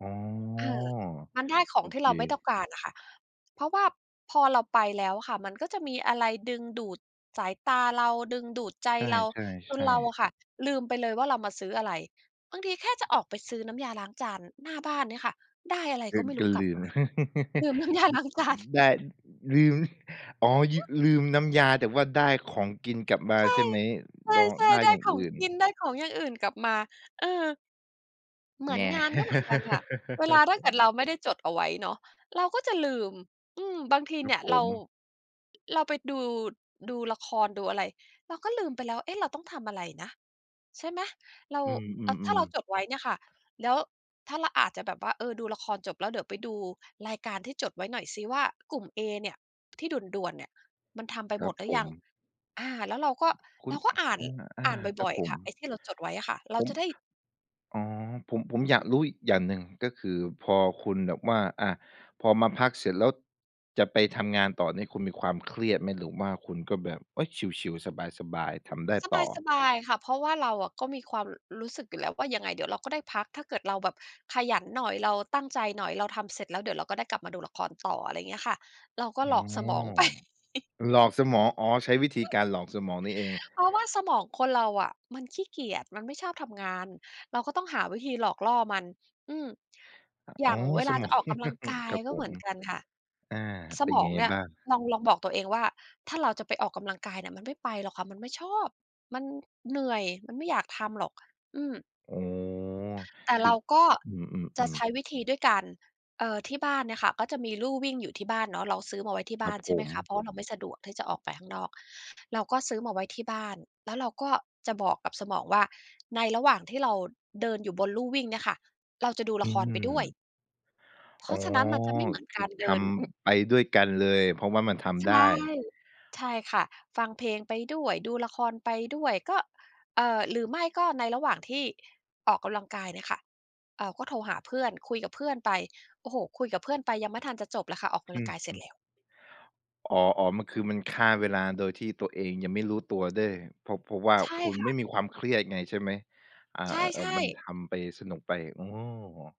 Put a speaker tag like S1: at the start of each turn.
S1: อ๋อ
S2: ค่ะ มันได้ข
S1: โ
S2: อ
S1: อ
S2: งที
S1: เ
S2: ่
S1: ค
S2: เราไม่ต้องการน่ะค่ะ เพราะว่าพอเราไปแล้วอะค่ะ มันก็จะมีอะไรดึงดูดสายตาเรา ดึงดูดใจ
S1: ใช
S2: เรา จน
S1: ่
S2: เรา
S1: ๆ ๆ
S2: อะค่ะลืมไปเลยว่า เรามาซื้ออะไร บางทีแค่จะออกไปซื้อน้ำยาล้างจานหน้าบ้านเนี่ยค่ะ ได้อะไร
S1: เอ
S2: ก็
S1: อ
S2: ไม่ร
S1: ก
S2: ู
S1: ็
S2: ้กล
S1: ล
S2: ับ
S1: ื
S2: ม
S1: ม
S2: า ลืมน้ำยา
S1: อ
S2: ล้างจาน
S1: ได้ อ ลืม อ๋อ ย ลืมน้ำยา แต่ว่าได้ของกินกลับมา
S2: ใช่
S1: ใช่ไหม? ด
S2: ใช่
S1: ได้
S2: ๆ ได้
S1: อย่าง
S2: ขอ
S1: อ
S2: ง
S1: ื่น
S2: กิน ได้ของอย่างอื่นกลับมา เออ เหม
S1: แ
S2: ือนงานก็เหมือนกันค่ะ เวล
S1: ง
S2: าถ้าเกิดเราไม่ได้จดเอาไว้เนาะ เราก็จะลืม อืม บางที
S1: คร
S2: เ
S1: ั
S2: นี
S1: บ
S2: ่ย
S1: ผ
S2: เรา
S1: ม
S2: เราไปดู ดูละครดูอะไร เราก็ลืมไปแล้ว เอ๊ะ เราต้องทำอะไรนะ ใช่ไหม เรา
S1: อื
S2: อะ ถ้าเ
S1: อ
S2: รา
S1: ๆ ๆ
S2: จดไว้เนี่ยค่ะ แล้ว ถ้าเราอาจจะแบบว่า เออ ดูละครจบแล้ว เดี๋ยวไปดูรายการที่จดไว้หน่อยสิว่า กลุ่มเอเนี่ย ที่ด่วน ๆ เนี่ย มันทำไป
S1: คร
S2: หม
S1: ับ
S2: ดหรื
S1: ผ
S2: อยั
S1: ม
S2: ง อ่า แล้วเราก็
S1: ค
S2: เ
S1: ุ
S2: ร
S1: ณ
S2: าก็อ่าน
S1: อ อ
S2: อ่
S1: า
S2: านบ
S1: ครั
S2: ่
S1: บ
S2: อย
S1: ผ
S2: ๆ ค
S1: ม
S2: ่ะ ไอ้ที่เราจดไว้อะค่ะ เร
S1: ผ
S2: า
S1: ม
S2: จะได้
S1: อ๋อ ผม ผมอยากรู้อีกอย่างหนึ่ง ก็คือพอคุณแบบว่า อะ พอมาพักเสร็จแล้ว จะไปทำงานต่อนี่ คุณมีความเครียดไหม? หรือว่าคุณก็แบบ โอ๊ย ชิล ๆ สบาย ๆ ทำได้ต่อ
S2: สบาย ๆ ค่ะ เพราะว่าเราอะก็มีความ ร รู้สึกอยู่แล้วว่า ยังไงเดี๋ยวเราก็ได้พัก ถ้าเกิดเราแบบขยันหน่อย เราตั้งใจหน่อย เราทำเสร็จแล้ว เดี๋ยวเราก็ได้กลับมาดูละครต่อ อะไรเงี้ยค่ะ เราก็
S1: อ
S2: ห
S1: ๋
S2: ล
S1: อ
S2: อกสมอง ไป
S1: หลอกสมอง อ๋อ ใช้วิธีการหลอกสมองนี่เอง
S2: เพราะว่าสมองคนเราอะ มันขี้เกียจ มันไม่ชอบทำงาน เราก็ต้องหาวิธีหลอกล่อมัน อืม
S1: อะ
S2: อย
S1: อ
S2: ่
S1: ๋
S2: า
S1: อ
S2: งเว
S1: ส
S2: ลา
S1: ม
S2: จะ
S1: อง
S2: ออกกำลังกาย
S1: ครับ
S2: ก็
S1: ผ
S2: เหม
S1: ม
S2: ือนกันค่ะ
S1: อา
S2: ส
S1: เป็
S2: ม
S1: น
S2: อ
S1: ไง
S2: งเนี่ย
S1: บ้าง?
S2: ลอง ลองบอกตัวเองว่า ถ้าเราจะไปออกกำลังกายเนี่ย มันไม่ไปหรอกค่ะ มันไม่ชอบ มันเหนื่อย มันไม่อยากทำหรอก อืม
S1: อ๋อ
S2: แต่
S1: ค
S2: เ
S1: ื
S2: ร
S1: อ
S2: าก็
S1: อื
S2: จะ
S1: อ
S2: ใช
S1: ๆ ๆ
S2: ้วิธีด้วยการ เอ่อ ที่บ้านเนี่ยค่ะ ก็จะมีลู่วิ่งอยู่ที่บ้านเนาะ เราซื้อมาไว้ที่
S1: ค
S2: บ
S1: ร
S2: ้
S1: ั
S2: า
S1: บ
S2: น ใช
S1: ผ
S2: ่ไหมคะ เ
S1: ม
S2: พราะว่าเราไม่สะดวกที่จะออกไปข้างนอก เราก็ซื้อมาไว้ที่บ้าน แล้วเราก็จะบอกกับสมองว่า ในระหว่างที่เราเดินอยู่บนลู่วิ่งเนี่ยค่ะ เราจะดู
S1: อ
S2: ล
S1: ื
S2: ะครไปด้วย
S1: ม
S2: เพ
S1: อ
S2: ร
S1: ๋
S2: า
S1: อ
S2: ะฉะนั้นมันจะไม่เหมือน
S1: ค
S2: ก
S1: ือ
S2: ารเ
S1: ท
S2: ดิน
S1: ำไปด้วยกันเลย เพราะว่ามันท
S2: ใช
S1: ำได้
S2: ่ ใช่ค่ะ ฟังเพลงไปด้วย ดูละครไปด้วย ก็ เอ่อ หรือไม่ก็ ในระหว่างที่ออกกำลังกายเนี่ยค่ะ เอ่อ ก็โทรหาเพื่อน คุยกับเพื่อนไป โอ้โฮ คุยกับเพื่อนไปยังไม่ทันจะจบเลยค่ะ ออกกำ
S1: อ
S2: ล
S1: ื
S2: ังก
S1: อ
S2: ายเส
S1: ฮ
S2: ร็
S1: ึ
S2: จแล้ว
S1: อ๋อ ๆ มัน คือมันฆ่าเวลา โดยที่ตัวเองยังไม่รู้ตัวด้วย เพราะ เพราะว่า
S2: ใช่
S1: คุณ
S2: ค่
S1: ไ
S2: ะ
S1: ม่มีความเครียดไง ใช่ไหม? อา
S2: ใช
S1: ๆ
S2: ่
S1: ๆ มัน
S2: ๆ
S1: ทำไปสนุกไป อ๋อ